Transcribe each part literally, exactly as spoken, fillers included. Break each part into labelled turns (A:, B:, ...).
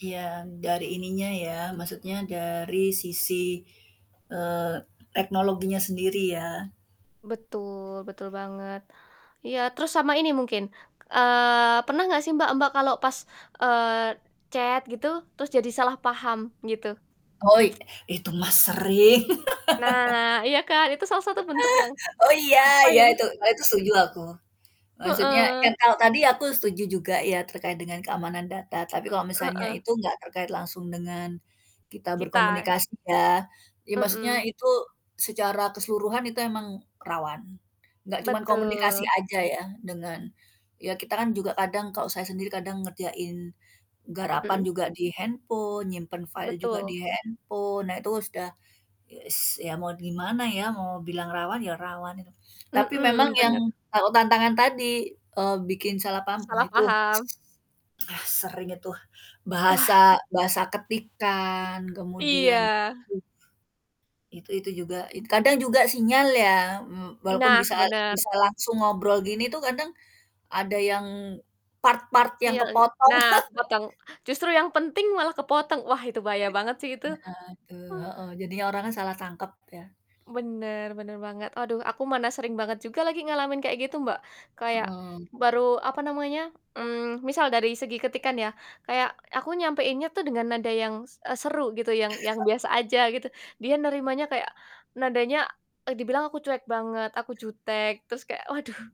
A: Yang dari ininya ya. Maksudnya dari sisi, eee, teknologinya sendiri ya.
B: Betul, betul banget. Iya terus sama ini mungkin, eee, pernah gak sih Mbak, Mbak kalau pas, eee, chat gitu terus jadi salah paham gitu?
A: Oi, itu mah sering
B: Nah, iya kan itu salah satu
A: Heeh,
B: bentuk yang
A: oh iya,
B: apa
A: iya
B: ya?
A: itu kalo itu setuju aku. Maksudnya kan
B: Heeh.
A: kalau tadi aku setuju juga ya terkait dengan keamanan data tapi kalau
B: Eee.
A: misalnya
B: Heeh.
A: itu nggak terkait langsung dengan kita
B: Kita.
A: berkomunikasi ya, ya maksudnya
B: Mhm.
A: itu secara keseluruhan itu emang rawan nggak cuman komunikasi
B: Betul.
A: aja ya dengan ya kita kan juga kadang kalau saya sendiri kadang ngerjain garapan
B: Mhm.
A: juga di handphone, nyimpen file juga
B: Betul.
A: di handphone, nah itu sudah ye s ya mau gimana ya mau bilang rawan ya rawan inu. Tapi memang
B: Mhm,
A: yang
B: bener.
A: tahu tantangan tadi, eee, bikin salah paham wah
B: Salah
A: itu
B: paham.
A: ah sering itu
B: Wah.
A: bahasa bahasa ketikan kemudian
B: Iya.
A: m itu itu juga. Kadang juga sinyal ya m walaupun
B: Nah,
A: bisa at
B: bener.
A: bisa langsung ngobrol gini tuh kadang ada yang part-part yang
B: Sinyal n
A: kepotong.
B: nah kepotong. Justru yang penting malah kepotong, wah itu bahaya banget sih itu.
A: Nah itu,
B: Oh.
A: heeh, jadinya orang kan salah tangkep ya.
B: Bener, bener banget, aduh aku mana sering banget juga lagi ngalamin kayak gitu Mbak, kayak
A: Mhm.
B: baru apa namanya, mmm, misal dari segi ketikan ya, kayak aku nyampaiinnya tuh dengan nada yang, s eee, seru gitu yang yang biasa aja gitu dia nerimanya kayak nadanya e dibilang aku cuek banget aku jutek terus kayak waduh,
A: Mmm.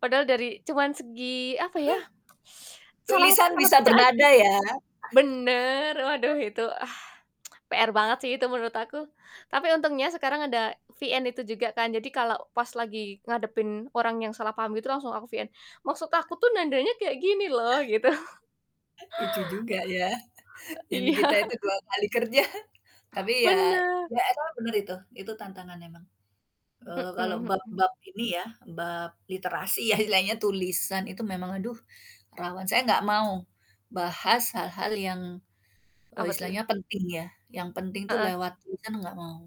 B: padahal dari cuman segi apa ya salah
A: Tulisan
B: salah
A: bisa
B: baca aja.
A: bernada ya.
B: Bener waduh itu ah. PR banget sih itu menurut aku. Tapi untungnya sekarang ada VN itu juga kan jadi kalau pas lagi ngadepin orang yang salah paham gitu langsung aku VN, "Maksud aku tuh nadanya kayak gini loh," gitu.
A: Lucu juga ya. Yang di
B: Iya.
A: kita itu dua kali kerja tapi ya,
B: Bener.
A: ya emang bener itu, itu tantangan emang. Eee, kalau
B: Mhm mhm.
A: bab-bab ini ya bab literasi ya istilahnya tulisan itu memang aduh rawan. Saya nggak mau bahas hal-hal yang, eee,
B: Apa tuh?
A: istilahnya penting ya, yang penting itu
B: Heeh.
A: lewat tulisan nggak mau.